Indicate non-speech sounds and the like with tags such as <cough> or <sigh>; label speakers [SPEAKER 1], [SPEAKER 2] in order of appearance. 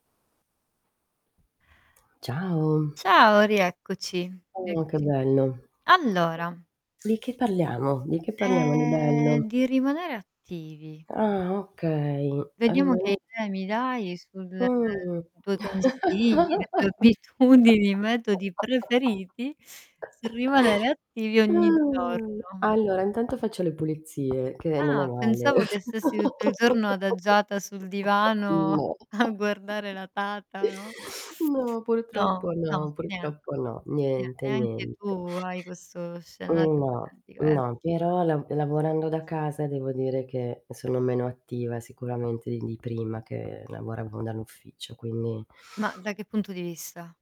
[SPEAKER 1] Ciao.
[SPEAKER 2] Ciao rieccoci,
[SPEAKER 1] Uh, che
[SPEAKER 2] eccoci qui. qui.
[SPEAKER 1] bello.
[SPEAKER 2] Allora.
[SPEAKER 1] Di che parliamo? Di che parliamo di bello?
[SPEAKER 2] Ehm, di rimanere attivi.
[SPEAKER 1] Ah okay,
[SPEAKER 2] Vediamo che
[SPEAKER 1] rimane
[SPEAKER 2] idea mi dai sul
[SPEAKER 1] Mh.
[SPEAKER 2] i tuoi consigli, le tue abitudini, metodi preferiti
[SPEAKER 1] <laughs>
[SPEAKER 2] sul rimanere attivi ogni
[SPEAKER 1] Mhmm!
[SPEAKER 2] giorno.
[SPEAKER 1] Allora intanto faccio le pulizie che non è
[SPEAKER 2] Ah,
[SPEAKER 1] male.
[SPEAKER 2] pensavo che stessi tutto il giorno adagiata
[SPEAKER 1] <laughs>
[SPEAKER 2] sul divano
[SPEAKER 1] No.
[SPEAKER 2] a guardare
[SPEAKER 1] <laughs>
[SPEAKER 2] la tata, no?
[SPEAKER 1] No,
[SPEAKER 2] No,
[SPEAKER 1] purtroppo
[SPEAKER 2] no,
[SPEAKER 1] no
[SPEAKER 2] nie
[SPEAKER 1] purtroppo no,
[SPEAKER 2] nie
[SPEAKER 1] niente,
[SPEAKER 2] neanche
[SPEAKER 1] niente.
[SPEAKER 2] tu hai questo
[SPEAKER 1] N
[SPEAKER 2] scenario
[SPEAKER 1] no,
[SPEAKER 2] ipotetico, eh
[SPEAKER 1] no, però la lavorando da casa devo dire che sono meno attiva sicuramente in di prima che lavoravo dall'ufficio, quindi
[SPEAKER 2] Ma da che punto di vista?